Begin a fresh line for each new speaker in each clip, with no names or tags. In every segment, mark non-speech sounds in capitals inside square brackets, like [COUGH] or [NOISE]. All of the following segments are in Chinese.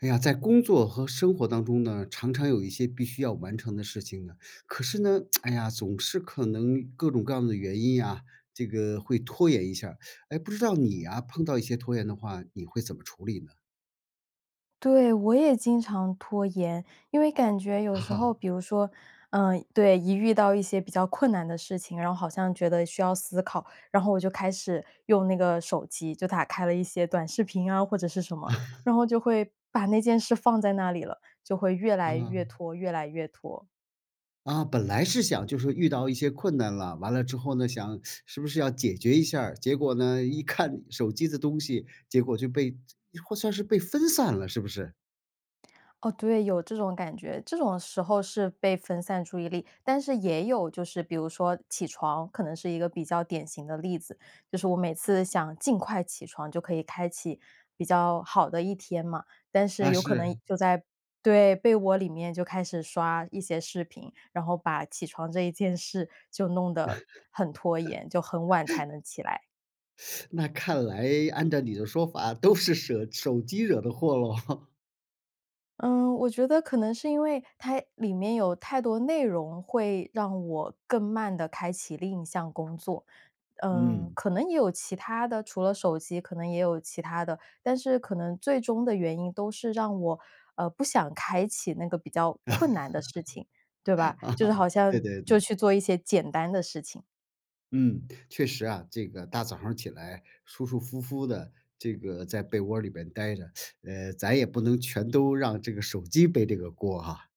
哎呀，在工作和生活当中呢，常常有一些必须要完成的事情呢。可是呢，[TSK] 哎呀，总是可能各种各样的原因呀，这个会拖延一下。诶，不知道你啊，碰到一些拖延的话，你会怎么处理呢？
对，我也经常拖延，因为感觉有时候
[LAUGHS]
比如说，嗯，对，一遇到一些比较困难的事情，然后好像觉得需要思考，然后我就开始用那个手机，就打开了一些短视频啊或者是什么，
[LAUGHS]
然后就会把那件事放在那里了，就会越来越
嗯。
拖、越来越拖。
啊，本来是想就说遇到一些困难了，完了之后呢，想 [SUCKS TEETH] 是不是要解决一下儿，结果呢，一看手机的东西，结果就被这或算是被分散了，是不是？
哦，对，有这种感觉。这种时候是被分散注意力，但是也有，就是比如说起床，可能是一个比较典型的例子，就是我每次想尽快起床，就可以开启比较好的一天嘛，但是
啊，
有可
是。
能，就在对，被窝里面就开始刷一些视频，然后把起床这一件事就弄得很拖延，就很晚才
[LAUGHS]
能起来。
[SUCKS TEETH] 那看来按照你的说法都是舍手机惹的祸喽。[CHUCKLES]
嗯，我觉得可能是因为它里面有太多内容会让我更慢地开启另一项工作。嗯，
嗯。
可能也有其它的除了手机可能也有其它的，但是可能最终的原因都是让我，呃，不想开启那个比较困难的事情，对吧，
[LAUGHS] 啊，
就是好
对
像，
对
就
对。
去做一些简单的事情。
嗯，确实啊。这个大早上儿起来舒舒服服地这个在被窝儿里边儿呆着，[SUCKS TEETH] 呃，咱也不能全都让这个手机背这个锅啊。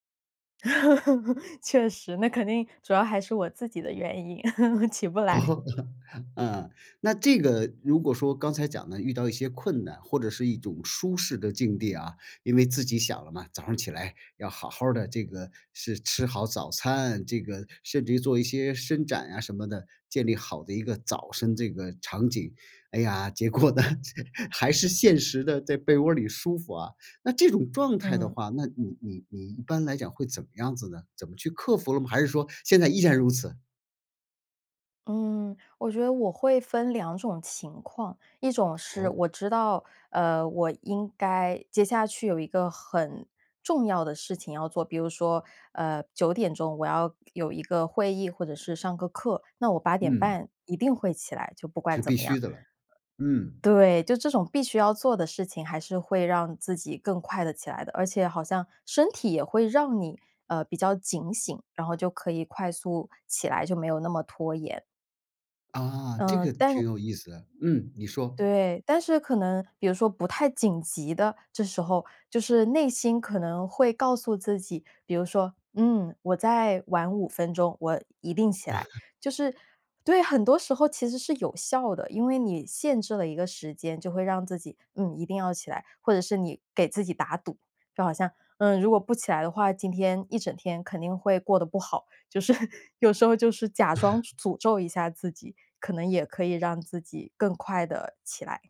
[LAUGHS] 确实，那肯定主要还是我自己的原因，[LAUGHS] 起不来。
哦。啊，那这个如果说刚才讲的遇到一些困难或者是一种舒适的境地啊，因为自己想了嘛，早上儿起来要好好儿的，这个是吃好早餐，这个甚至于做一些伸展啊什么的，建立好的一个早上这个场景。哎呀，结果呢，还是现实的，在被窝儿里舒服啊。那这种状态的
嗯。
话，那你你你一般来讲会怎么样子呢？怎么去克服了吗？还是说现在依然如此？
嗯，我觉得我会分两种情况。一种是
哦？
我知道，呃，我应该接下去有一个很重要的事情要做，比如说，呃，9点钟我要有一个会议或者是上个课，那我8点
嗯。
半一定会起来，就不
是
管怎
必
么样。
须的了，嗯。
对，就这种必须要做的事情还是会让自己更快地起来的。而且好像身体也会让你，呃，比较警醒，然后就可以快速起来，就没有那么拖延。
啊，这
呃，
个
但
挺有意思的，嗯，你说。
对，但是可能比如说不太紧急的，这时候，就是内心可能会告诉自己，比如说，嗯，我再晚5分钟，我一定起来，
[LAUGHS]
就是对，很多时候其实是有效的，因为你限制了一个时间就会让自己，嗯，一定要起来。或者是你给自己打赌，就好像，嗯，如果不起来的话，今天一整天肯定会过得不好，就是有时候就是假装
[LAUGHS]
诅咒一下自己，可能也可以让自己更快地起来。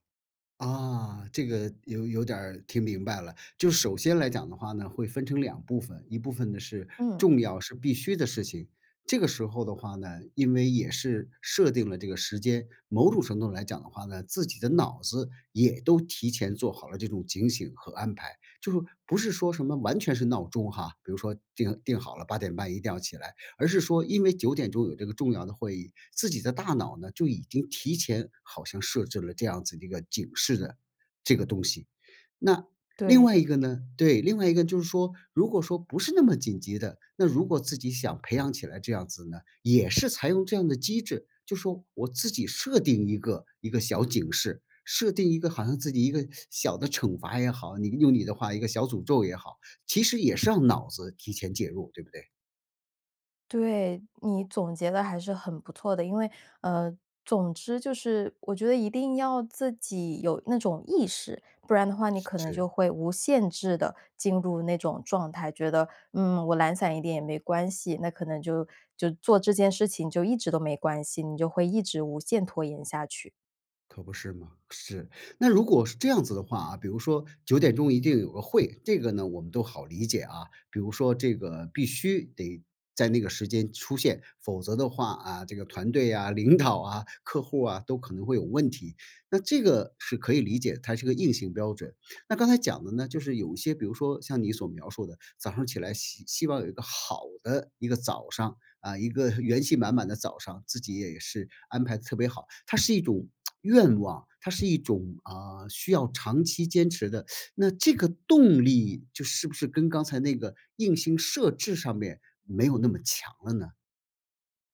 啊，这个有有点儿听明白了，就首先来讲的话呢，会分成两部分，一部分呢是
嗯。
重要是必须的事情，这个时候的话呢，因为也是设定了这个时间，某种程度上来讲的话呢，自己的脑子也都提前做好了这种警醒和安排。就说不是说什么完全是闹钟哈，比如说定定好了，8点半一定要起来，而是说因为9点钟有这个重要的会议，自己的大脑呢，就已经提前好像设置了这样子的一个警示的这个东西。那另
对
外一
的。
个呢对，另外一个就是说，如果说不是那么紧急的，那如果自己想培养起来这样子呢，也是采用这样的机制，就说我自己设定一个一个小警示，设定一个好像自己一个小的惩罚也好，你用你的话一个小诅咒也好，其实也是让脑子提前介入，对不对？
对，你总结得还是很不错的。因为，呃，总之就是，我觉得一定要自己有那种意识，不然的话你
是
可能
是。
就会无限制地进入那种状态，觉得，嗯，我懒散一点也没关系，那可能就就做这件事情就一直都没关系，你就会一直无限拖延下去。
可不是嘛？是。那如果是这样子的话啊，比如说9点钟一定有个会，这个呢，我们都好理解啊，比如说这个必须得在那个时间出现，否则的话，啊，这个团队啊，领导啊，客户啊，都可能会有问题，那这个是可以理解，它是一个硬性标准。那刚才讲的呢，就是有一些，比如说像你所描述的，早上起来希希望有一个好的一个早上，啊，一个元气满满的早上，自己也是安排得特别好，它是一种 [TSK] 愿望，它是一种，啊，需要长期坚持的。[SUCKS TEETH] 那这个动力就是不是跟刚才那个硬性设置上面没有那么强了呢？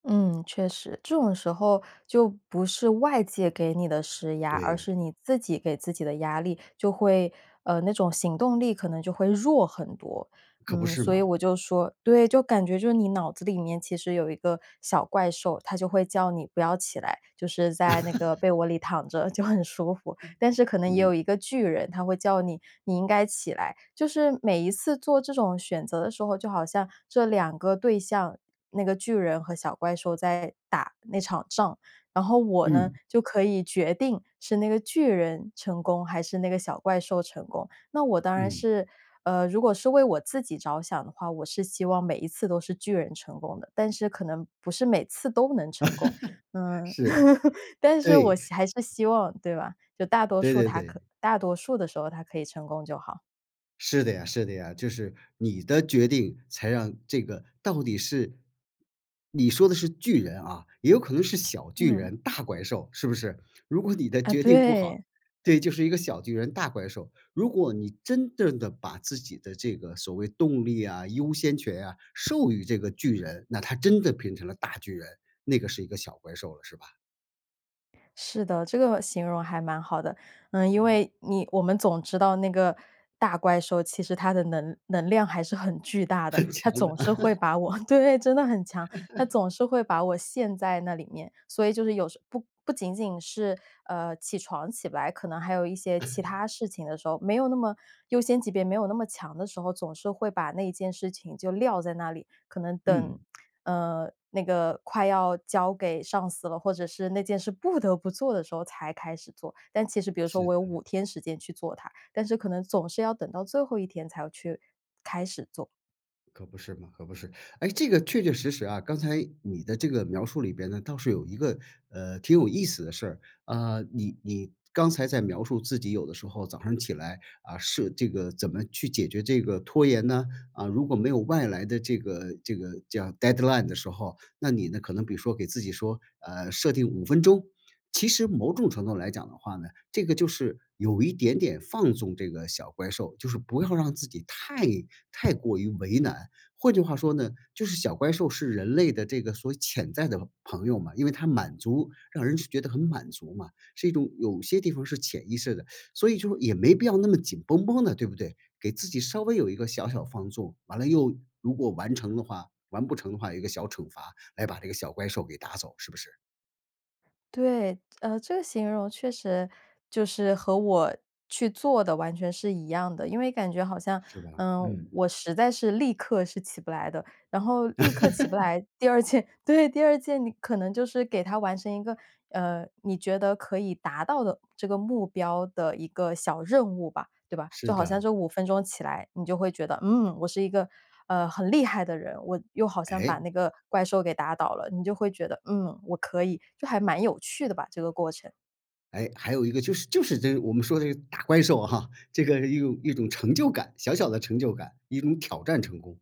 嗯，确实。这种时候就不是外界给你的施压，而
对。
是你自己给自己的压力，就会呃，那种行动力可能就会弱很多。
可不
嗯，
是
所以
嘛。
我就说对，就感觉就是你脑子里面其实有一个小怪兽，它就会叫你不要起来，就是在那个
[LAUGHS]
被窝里躺着就很舒服。但是可能也
嗯。
有一个巨人，它会叫你，你应该起来。就是每一次做这种选择的时候，就好像这两个对象，那个巨人和小怪兽在打那场仗，然后我呢，
嗯。
就可以决定是那个巨人成功还是那个小怪兽成功。那我当然
嗯。
是，呃，如果是为我自己着想的话，我是希望每一次都是巨人成功的，但是可能不是每次都能成
[LAUGHS]
功，嗯。
是，
[LAUGHS] 但是
对。
我是还是希望对吧，就大多
对
数
对
它可
对。
大多数的时候，它可以成功就好。
是的呀是的呀，就是你的决定才让这个到底是你说的是巨人啊，也有可能是小巨
嗯。
人大怪兽是不是？如果你的
啊，
决定不
对。
好对，这就是一个小巨人大怪兽，如果你真正地把自己的这个所谓动力啊，优先权啊，授予这个巨人，那它真的变成了大巨人，那个是一个小怪兽了是吧？
是的，这个形容还蛮好的。嗯，因
嗯。
为你我们总知道那个大怪兽，其实它的能能量还是很巨大的。
很
它
强的。
总是会
[LAUGHS]
把我对，真的很强。它
[LAUGHS]
总是会把我陷在那里面，所以就是有时候不不仅仅是，呃，起床起不来，可能还有一些其
[CHUCKLES]
他事情。没有那么优先级别没有那么强的时候，总是会把那件事情就撂在那里，可能等，
嗯。
嗯，那个快要交给上司了，或者是那件事不得不做的时候才开始做，但其实比如说
是
我有
的。
5天时间去做它，但是可能总是要等到最后1天才要去开始做。
可不是吗，可不是。诶？这个确确实实啊。刚才你的这个描述里边呢，倒是有一个，呃，挺有意思的事儿。啊，你你刚才在描述自己有的时候早上起来，啊，是这个怎么去解决这个拖延呢？啊，如果没有外来的这个这个叫 deadline 的时候，那你呢，可能比如说给自己说，呃，设定5分钟。其实某种程度来讲的话呢，这个就是有一点点放纵这个小怪兽。就是不要让自己太太过于为难。换句话说呢，就是小怪兽是人类的这个所潜在的朋友嘛。因为它满足让人觉得很满足嘛，是一种有些地方是潜意识的，所以就也没必要那么紧绷绷的，对不对？给自己稍微有一个小小放纵，完了又如果完成的话完不成的话，有一个小惩罚来把这个小怪兽给打走，是不是？
对，呃，这个形容确实就是和我去做的完全是一样的。因为感觉好像，
是吧，
嗯，
嗯。
我实在是立刻是起不来的，然后立刻起不
[LAUGHS]
来，第2件，对，第2件你可能就是给他完成一个，呃，你觉得可以达到的这个目标的一个小任务吧。对吧，就
是
好像
的。
这5分钟起来，你就会觉得，嗯，我是一个，呃，很厉害的人，我又好像把
诶？
那个怪兽给打倒了。你就会觉得，嗯，我可以，就还蛮有趣的吧，这个过程。
诶，还有一个就是就是这个，我们说的这打怪兽哈，这个有一种成就感，小小的成就感，一种挑战成功。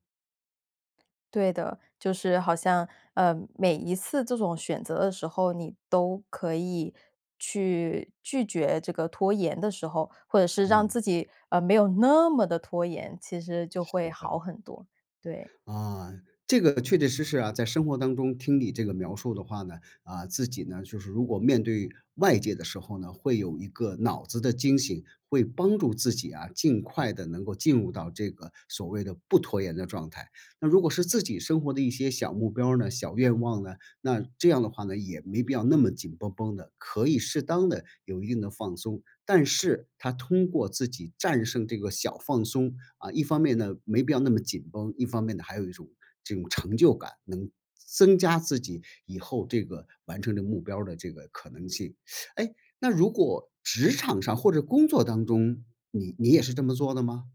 对的，就是好像，呃，每一次这种选择的时候，你都可以去拒绝这个拖延的时候，或者是让自
嗯。
己，呃，没有那么地拖延，其实就会
是
好
的。
很多，对。
啊，这个确确实实啊，在生活当中听你这个描述的话呢，啊，自己呢，就是如果面对外界的时候呢，会有一个脑子的惊醒，会帮助自己啊，尽快地能够进入到这个所谓的不拖延的状态。那如果是自己生活的一些小目标儿呢、小愿望呢，那这样的话呢，也没必要那么紧绷绷的，可以适当地有一定的放松。但是它通过自己战胜这个小放松，啊，一方面呢，没必要那么紧绷，一方面呢，还有一种，这种成就感，能增加自己以后这个完成这目标儿的这个可能性。[SUCKS TEETH] 诶，那如果职场上或者工作当中，你你也是这么做的吗？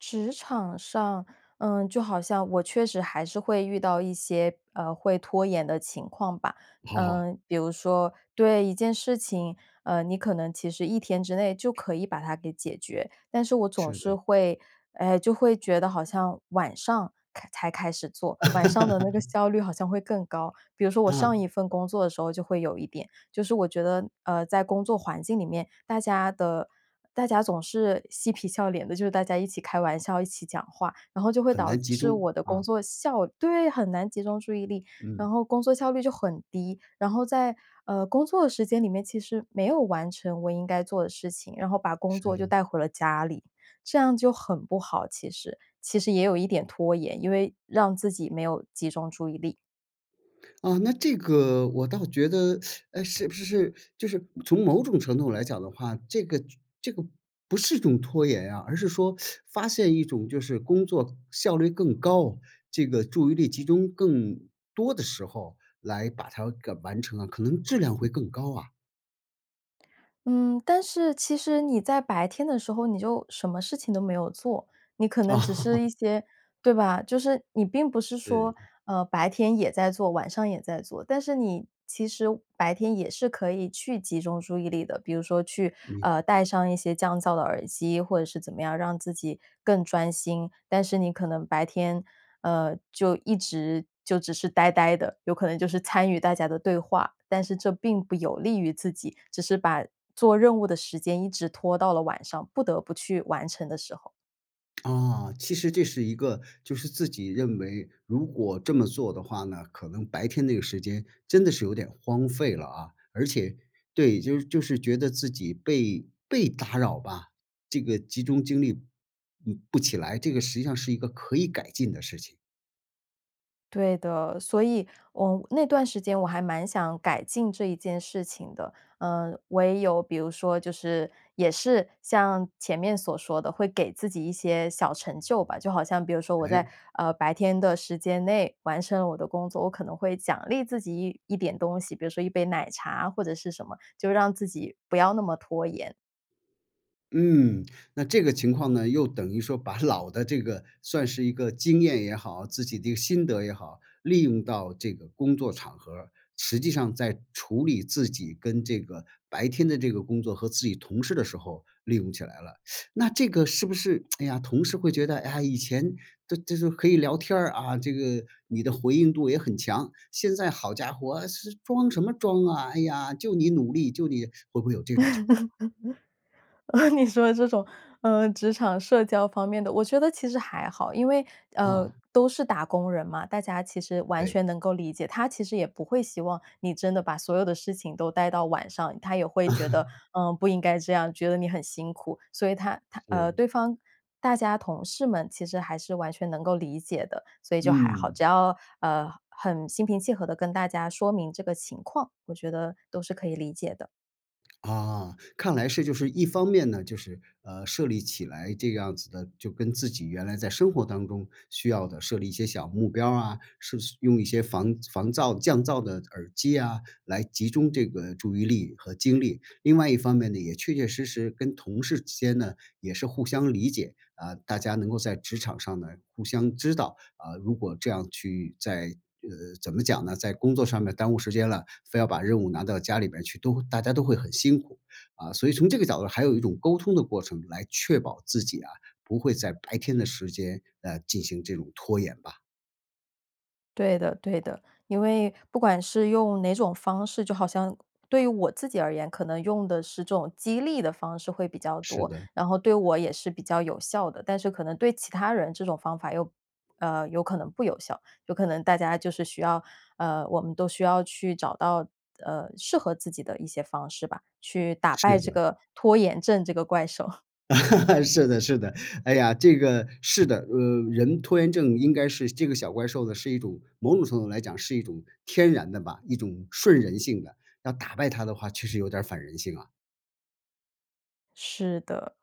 职场上，嗯，就好像我确实还是会遇到一些，呃，会拖延的情况吧。
嗯。
嗯，比如说对一件事情，呃，你可能其实一天之内就可以把它给解决，但是我总
是
是
的。
会，唉，就会觉得好像晚上开才开始做，晚上的那个
[LAUGHS]
效率好像会更高，比如说我上
嗯。
一份工作的时候就会有一点，就是我觉得，呃，在工作工作环境里面，大家的大家总是嬉皮笑脸的，就是大家一起开玩笑，一起讲话，然后就会
很
导
难集
致
中，
我的工
啊。
作效对，很难集中注意力，然
嗯。
后工作效率就很低，然后在，呃，工作的时间里面，其实没有完成我应该做的事情，然后把工
是
作就
的。
带回了家里，这样就很不好，其实。其实也有一点拖延，因为让自己没有集中注意力。
啊，那这个我倒觉得，[SUCKS TEETH] 诶，是不是，就是从某种程度来讲的话，这个这个不是一种拖延啊，而是说 [SUCKS TEETH] 发现一种就是工作效率更高，这个注意力集中更多的时候来把它给完成了，可能质量会更高啊。
嗯，但是其实你在白天的时候，你就什么事情都没有做，你可能只是
[LAUGHS]
一些对吧，就是你并不是说，
对。
呃，白天也在做，晚上也在做，但是你其实白天也是可以去集中注意力的。比如说去，
嗯。
呃，戴上一些降噪的耳机，或者是怎么样让自己更专心，但是你可能白天，呃，就一直就只是呆呆的，有可能就是参与大家的对话，但是这并不有利于自己，只是把做任务的时间一直拖到了晚上，不得不去完成的时候。
[SMACKS LIPS] 啊，其实这是一个就是自己认为，如果这么做的话呢，可能白天那个时间真的是有点荒废了啊，而且对，就是就是觉得自己被被打扰吧，这个集中精力，嗯，不起来，这个实际上是一个可以改进的事情。
对的，所以，呃，我那段时间我还蛮想改进这一件事情的，呃，唯有比如说就是也是像前面所说的，会给自己一些小成就吧，就好像比如说我在，
哎。
呃，白天的时间内完成了我的工作，我可能会奖励自己一一点东西，比如说一杯奶茶或者是什么，就让自己不要那么拖延。
嗯。那这个情况呢，又等于说把老的这个，算是一个经验也好、自己的一个心得也好，利用到这个工作场合儿，实际上在处理自己跟这个白天的这个工作和自己同事的时候利用起来了。[SUCKS TEETH] 那这个是不是，[TSK] 哎呀，同事会觉得：“哎呀，以前都这都可以聊天儿，啊，这个，你的回应度也很强，现在好家伙是装什么装啊，哎呀，就你努力，就你。“会不会有这种情况？
[LAUGHS] 你说的这种，呃，职场社交方面的，我觉得其实还好，因为，呃，
啊。
都是打工人嘛，大家其实完
对。
全能够理解。他其实也不会希望你真的把所有的事情都带到晚上，他也会觉得，
[LAUGHS]
呃，不应该这样，觉得你很辛苦，所以他他呃，
是。
对方大家同事们其实还是完全能够理解的。所以就还好，
嗯。
只要，呃，很心平气和地跟大家说明这个情况，我觉得都是可以理解的。
啊，看来是，就是一方面呢，就是，呃，设立起来这样子的，就跟自己原来在生活当中需要的设立一些小目标儿啊，是去用一些防防噪降噪的耳机啊，来集中这个注意力和精力，另外一方面呢，也确确实实跟同事之间呢，也是互相理解，啊，大家能够在职场上呢，互相知道，啊，如果这样去在这个，怎么讲呢？在工作上面耽误时间了，非要把任务拿到家里边儿去，都会大家都会很辛苦。啊，所以从这个角度，还有一种沟通的过程来确保自己啊，不会在白天的时间来进行这种拖延吧。
对的对的。因为不管是用哪种方式就好像对我自己而言，可能用的是这种激励的方式会比较
是
多。
的。
然后对我也是比较有效的，但是可能对其他人这种方法又呃，有可能不有效，有可能大家就是需要呃，我们都需要去找到，呃，适合自己的一些方式吧，去打败
是
这
的。
个拖延症这个怪兽。[CHUCKLES]
[LAUGHS] 是的是，哎呀，这个，是的！呃，人拖延症应该是这个小怪兽的是一种某种程度上来讲是一种天然的吧，一种顺人性的。要打败它的话，其实有点儿反人性啊！
是的。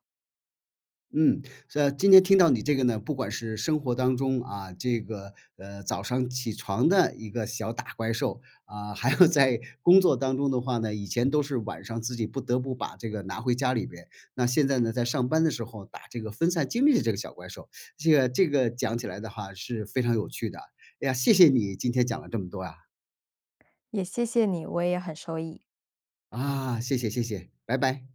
嗯，是今天听到你这个呢，不管是生活当中，啊，这个，呃，早上起床的一个小打怪兽，啊，还有在工作当中的话呢，以前都是晚上自己不得不把这个拿回家里面。那现在呢，在上班的时候打这个分散经历的这个小怪兽。这个这个讲起来的话是非常有趣的。哎呀，谢谢你今天讲了这么多呀！
也谢谢你，我也很受益。
啊，谢谢谢谢，拜拜。